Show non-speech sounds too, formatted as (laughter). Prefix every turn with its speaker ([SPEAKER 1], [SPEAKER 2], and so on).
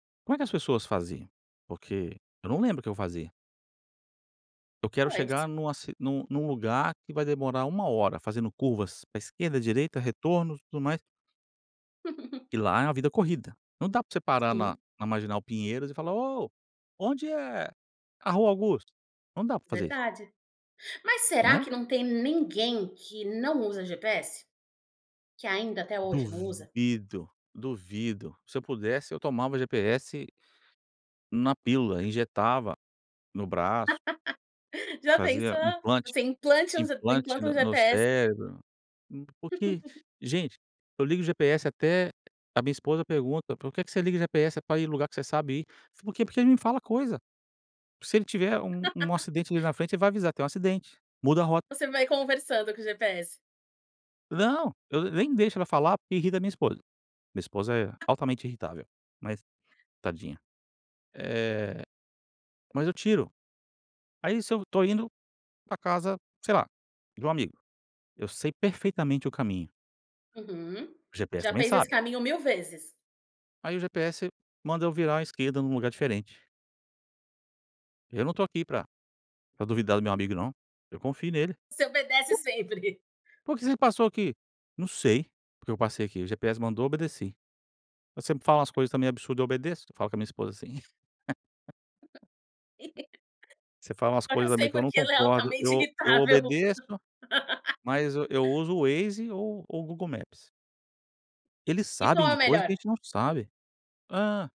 [SPEAKER 1] Como é que as pessoas faziam? Porque eu não lembro o que eu fazia. Eu quero
[SPEAKER 2] Pois.
[SPEAKER 1] chegar numa ci num num lugar que vai demorar 1 hora fazendo curvas pra esquerda, direita, retornos e tudo mais.
[SPEAKER 2] (chuckles)
[SPEAKER 1] E lá é uma vida corrida. Não dá pra você parar na
[SPEAKER 2] Sim.
[SPEAKER 1] na Marginal Pinheiros e falar: "Ô, onde é a Rua Augusta?". Não dá pra fazer isso.
[SPEAKER 2] Verdade. Mas será
[SPEAKER 1] Né?
[SPEAKER 2] que não tem ninguém que não usa GPS? Que ainda até hoje não usa?
[SPEAKER 1] Duvido, duvido. Se eu pudesse eu tomava GPS na pílula, Injetava no braço
[SPEAKER 2] (laughs) Já
[SPEAKER 1] fazia
[SPEAKER 2] pensou?
[SPEAKER 1] implante,
[SPEAKER 2] Você implantes
[SPEAKER 1] implante
[SPEAKER 2] implanta um
[SPEAKER 1] no no
[SPEAKER 2] GPS
[SPEAKER 1] cérebro. M porque,
[SPEAKER 2] (chuckles)
[SPEAKER 1] gente, eu ligo o GPS até a a minha esposa pergunta: "Por que que você liga GPS? É pra ir em lugar que você sabe ir". Falo: "Por quê? Porque ele me fala coisa". Se ele tiver um um
[SPEAKER 2] (laughs)
[SPEAKER 1] acidente ali na frente ele vai avisar: "Tem um acidente. Muda a rota".
[SPEAKER 2] Você vai conversando com o GPS.
[SPEAKER 1] Não. Eu ne nem deixo ela falar, porque irrita minha esposa. Minha esposa é altamente irritável. Mas, tadinha. Eh, mas eu tiro. Aí, se eu estou indo pra casa, sei lá, de um amigo, eu sei perfeitamente o caminho.
[SPEAKER 2] Uhum.
[SPEAKER 1] O GPS
[SPEAKER 2] Já
[SPEAKER 1] também
[SPEAKER 2] fez esse
[SPEAKER 1] sabe.
[SPEAKER 2] caminho mil vezes?
[SPEAKER 1] Aí, o GPS manda eu virar à esquerda num lugar diferente. Eu não estou aqui para para duvidar do meu amigo não. Eu confio nele.
[SPEAKER 2] Você obedece sempre. (chuckles)
[SPEAKER 1] "Por que você passou aqui?". "Não sei, porque eu passei aqui, o GPS mandou, obedeci. Você sempre fala umas coisas também absurda, eu obedeço.". Eu falo com minha esposa assim. (laughs)
[SPEAKER 2] (laughs)
[SPEAKER 1] Você fala umas
[SPEAKER 2] Agora
[SPEAKER 1] coisas
[SPEAKER 2] eu
[SPEAKER 1] também
[SPEAKER 2] sei,
[SPEAKER 1] que eu não
[SPEAKER 2] porque ela é
[SPEAKER 1] concordo,
[SPEAKER 2] altamente
[SPEAKER 1] eu o eu
[SPEAKER 2] irritável.
[SPEAKER 1] obedeço. Mas eu eu
[SPEAKER 2] (laughs)
[SPEAKER 1] uso o Waze ou o Google Maps. Eles
[SPEAKER 2] E
[SPEAKER 1] sabem
[SPEAKER 2] qual é
[SPEAKER 1] de
[SPEAKER 2] o
[SPEAKER 1] coisa que a
[SPEAKER 2] melhor?
[SPEAKER 1] gente não sabe. Hã.